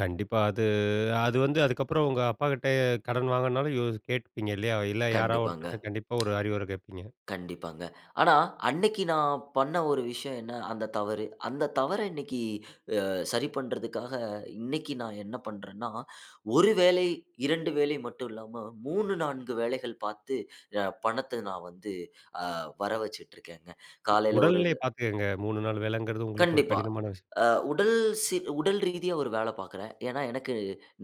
கண்டிப்பா. அது அது வந்து, அதுக்கப்புறம் உங்க அப்பாகிட்ட, கடன் வாங்கணுனாலும் யோ கேட்பீங்க? இல்லையா? இல்ல, யாராவது கண்டிப்பாங்க. ஒருத்தர்ட்ட கண்டிப்பா, ஒரு அறிவுரை கேட்பீங்க. கண்டிப்பாங்க. ஆனா, அன்னைக்கு நான் பண்ண ஒரு விஷயம், என்ன? அந்த தவறு. அந்த தவற இன்னைக்கு, அ சரி பண்றதுக்காக, இன்னைக்கு நான் என்ன பண்றேன்னா, 1 வேலை, 2 வேலை மட்டும் இல்லாம 3,4 வேலைகள் பாத்து, அ, பணத்தை நான் வந்து, அ வர வச்சுட்டிருக்கேங்க. காலையில ஒரு உடல்நிலைய பாத்துக்கங்க. 3 நாள் வேலங்கிறது, உங்களுக்கு ஒரு கண்டிப்பா. கடினமான விஷயம். அ, உடல் சீ உடல் ரீதியா ஒரு வேல பாக்குறேன். ஏனா, எனக்கு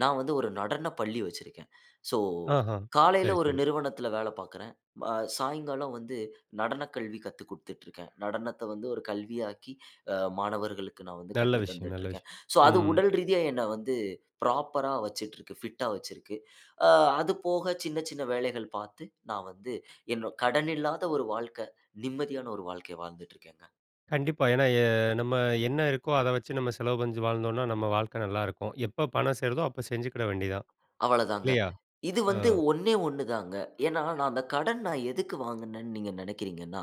நான் வந்து ஒரு நடனப்பள்ளி வச்சுருக்கேன். சோ ஆஹ, காலையில சரி, ஒரு சரி. நிறுவனத்தில வேல பாக்குறேன். அ, சாயங்காலம் வந்து நடனக் கல்வி கத்து கொடுத்துட்டு இருக்கேன். நடனத்தை வந்து ஒரு கல்வியாக்கி, அ, மாணவர்களுக்கு நான் வந்து நல்ல கற்று விஷயம். நல்ல தந்துட்டுருக்கேன். விஷயம். சோ அது ம். உடல் ரீதியா, என்ன வந்து ப்ராப்பரா வச்சுட்ருக்கு. பிட்டா வச்சுருக்கு. அ, அது போக, சின்ன சின்ன வேலைகள் பாத்து, நான் வந்து என்னோ, கடனில்லாத ஒரு வாழ்க்கை. நிம்மதியான ஒரு வாழ்க்கய வாழ்ந்துட்டு இருக்கேங்க. கண்டிப்பா. ஏன்னா, ஏ நம்ம என்ன இருக்கோ, அத வச்சு, நம்ம செலவு செஞ்சு வாழ்ந்தோனா, நம்ம வாழ்க்கை நல்லா இருக்கும். எப்ப பணம் சேருதோ, அப்ப செஞ்சுகிட வேண்டியது தான். அவ்வளதாங்க. இல்லையா? இது ஆ. வந்து ஒண்ணே 1 தாங்க. ஏனா, நான் அந்த கடன், நான் எதுக்கு வாங்குனேனு நீங்க நெனைக்குறீங்கனா,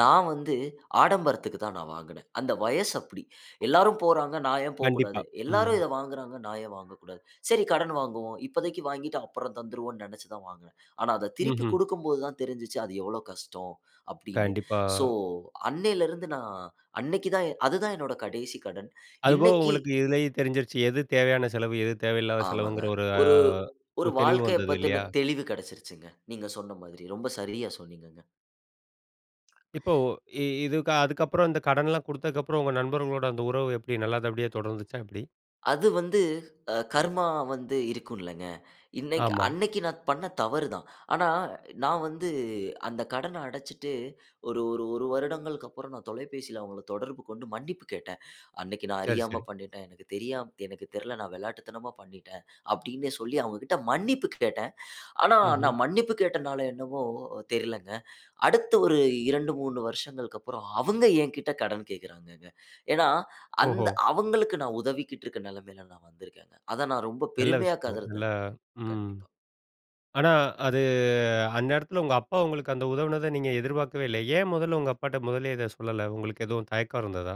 நான் வந்து ஆடம்பரத்துக்கு தான் நான் வாங்குனேன். அந்த வயசு அப்படி. எல்லாரும் போறாங்க. நான் ஏன் கண்டிப்பா. போக்கூடாது? ம். எல்லாரும் இத வாங்குறாங்க. நான் ஏன் வாங்கக்கூடாது? சரி, கடன் வாங்குவோம். இப்போதைக்கு வாங்கிட்டு, அப்புறம் தந்துருவோனு, நெனச்சு தான் வாங்குனேன். ஆனா, அத திருப்பி ம்ஹ்ம். குடுக்கும்போது தான் தெருஞ்சுச்சு, அது எவ்வளவு கஷ்டம், அப்படினு. கண்டிப்பா. சோ அன்னைல இருந்து நான், அன்னைக்கு தான் எ அதுதான் என்னோட கடைசி கடன். அதுபோக, இன்னைக்கு உங்களுக்கு இதுலயே தெரிஞ்சிடுச்சு. எது தேவையான செலவு, எது தேவையில்லாத ஆமாங்க. செலவுங்கிற, ஒரு அ ஒரு, ஒரு ஒரு தெளிவு வாழ்க்கைய வந்தது, இல்லையா? பத்தின தெளிவு கெடச்சுருச்சுங்க. நீங்க சொன்ன மாதிரி. ரொம்ப சரியா சொன்னீங்கங்க. இப்போ இ இதுக்கு, அதுக்கப்புறம் அந்த கடன்லாம் குடுத்ததுக்கு அப்புறம், உங்க நண்பர்களோட அந்த உறவு எப்படி? நல்லபடியா தொடர்ந்துச்சா? எப்படி? அது வந்து, அ, கர்மா வந்து இருக்கும்லங்க. இன்னைக்கு ஆமா. அன்னைக்கு நான் பண்ண தவறு தான். ஆனா, நான் வந்து அந்த கடனை அடச்சுட்டு, ஒரு ஒரு ஒரு வருடங்களுக்கு அப்புறம், நான் தொலைபேசியில அவுங்கள தொடர்பு கொண்டு, மன்னிப்பு கேட்டேன். "அன்னைக்கு நான் சரி, அறியாம சரி. பண்ணிட்டேன். எனக்கு தெரியாம எனக்கு தெரில. நான் விளையாட்டுத்தனமா பண்ணிட்டேன்." அப்படின்னே சொல்லி அவுங்க கிட்ட மன்னிப்பு கேட்டேன். ஆனா, ம்ஹ்ம். நான் மன்னிப்பு கேட்டனால என்னவோ, தெரிலங்க. அடுத்த ஒரு 2,3 வருஷங்களுக்கு அப்புறம், அவுங்க எங்கிட்ட கடன் கேக்குறாங்கங்க. ஏனா, அந்த ஓஹோ! அவுங்களுக்கு நான் உதவிக்கிட்டு இருக்க நிலைமையில நான் வந்துருக்கேங்க. அத நான், ரொம்ப நல்ல பெருமையா விஷயங்கள். கருதறேன் நல்லா ம். கண்டிப்பா. ஆனா, அது அந்நேரத்தில உங்க அப்பா உங்களுக்கு அந்த உதவுனத, நீங்க எதிர்பாக்கவே இல்ல. ஏன்? முதல்ல உங்க அப்பாட்ட முதல்லயே இத சொல்லல. உங்களுக்கு எதுவும், தயக்கம் இருந்ததா?